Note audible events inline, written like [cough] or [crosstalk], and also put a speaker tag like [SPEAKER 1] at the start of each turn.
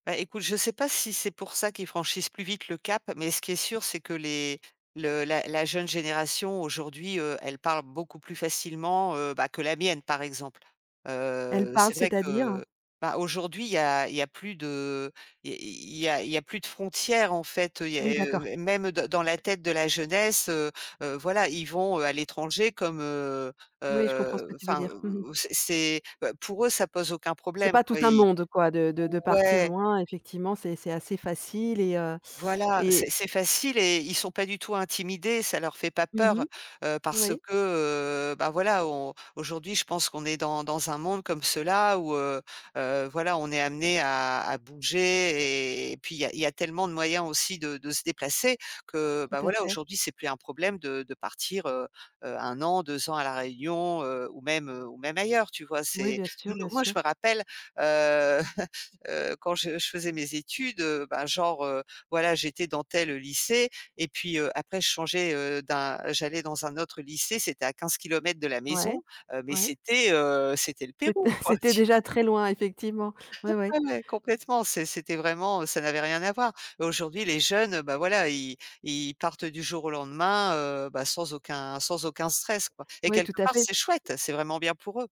[SPEAKER 1] Bah écoute, je sais pas si c'est pour ça qu'ils franchissent plus vite le cap, mais ce qui est sûr, c'est que les le la la jeune génération aujourd'hui, heu, elle parle beaucoup plus facilement, heu, bah, que la mienne par exemple,
[SPEAKER 2] Elle
[SPEAKER 1] heu,
[SPEAKER 2] parle,
[SPEAKER 1] c'est vrai
[SPEAKER 2] c'est-à-dire?
[SPEAKER 1] que, bah, aujourd'hui, il y a il y a plus de i i il y a il y a plus de frontières en fait. Il y a
[SPEAKER 2] Oui d'accord.
[SPEAKER 1] heu, et même dans dans la tête de la jeunesse, heu heu, voilà, ils vont, heu, à l'étranger comme, heu
[SPEAKER 2] Oui je comprends ce que
[SPEAKER 1] heu,
[SPEAKER 2] tu veux
[SPEAKER 1] enfin,
[SPEAKER 2] dire. Mmh mh.
[SPEAKER 1] ou ou ou c'est c'est bah, pour eux, ça pose aucun
[SPEAKER 2] C'est
[SPEAKER 1] problème
[SPEAKER 2] pas tout
[SPEAKER 1] quoi,
[SPEAKER 2] un
[SPEAKER 1] i
[SPEAKER 2] monde quoi de de de partir
[SPEAKER 1] ouais.
[SPEAKER 2] loin, effectivement c'est c'est assez facile et heu
[SPEAKER 1] Voilà, c'est
[SPEAKER 2] et
[SPEAKER 1] c'est facile et ils sont pas du tout intimidés, ça leur fait pas
[SPEAKER 2] Mmh
[SPEAKER 1] peur,
[SPEAKER 2] mh.
[SPEAKER 1] heu, parce
[SPEAKER 2] Oui.
[SPEAKER 1] que, heu, bah, voilà on aujourd'hui, je pense qu'on est dans dans un monde comme cela où, heu heu, voilà, on est amenés à à bouger et puis il y a il y a tellement de moyens aussi de de se déplacer que, bah
[SPEAKER 2] Tout à
[SPEAKER 1] voilà,
[SPEAKER 2] fait.
[SPEAKER 1] aujourd'hui, c'est plus un problème de de partir, heu heu, 1 an, 2 ans à la Réunion, heu, ou même ou même ailleurs, tu vois?
[SPEAKER 2] Oui
[SPEAKER 1] C'est
[SPEAKER 2] bien sûr,
[SPEAKER 1] nous
[SPEAKER 2] bien
[SPEAKER 1] moi, je
[SPEAKER 2] sûr.
[SPEAKER 1] me rappelle, heu [chuckles] heu, quand je je faisais mes études, heu, bah, genre, heu, voilà, j'étais dans tel, heu, lycée et puis, heu, après je changeais, heu, d'un j'allais dans un autre lycée, c'était à 15 kilomètres de la
[SPEAKER 2] Ouais.
[SPEAKER 1] maison, heu, mais
[SPEAKER 2] Ouais.
[SPEAKER 1] c'était, heu, c'était le
[SPEAKER 2] C'était
[SPEAKER 1] Pérou
[SPEAKER 2] [chuckles]
[SPEAKER 1] quoi,
[SPEAKER 2] c'était
[SPEAKER 1] tu
[SPEAKER 2] déjà
[SPEAKER 1] vois?
[SPEAKER 2] très loin, effectivement. Ouais,
[SPEAKER 1] [chuckles]
[SPEAKER 2] ouais.
[SPEAKER 1] Ah ouais, complètement, c'est c'était vraiment ça n'avait rien à voir. Mais, aujourd'hui, les jeunes, heu, bah voilà, i ils partent du jour au lendemain, heu, bah, sans aucun sans aucun stress quoi et
[SPEAKER 2] Ouais, tout
[SPEAKER 1] quelque
[SPEAKER 2] à
[SPEAKER 1] part,
[SPEAKER 2] fait.
[SPEAKER 1] c'est chouette, c'est vraiment bien pour eux.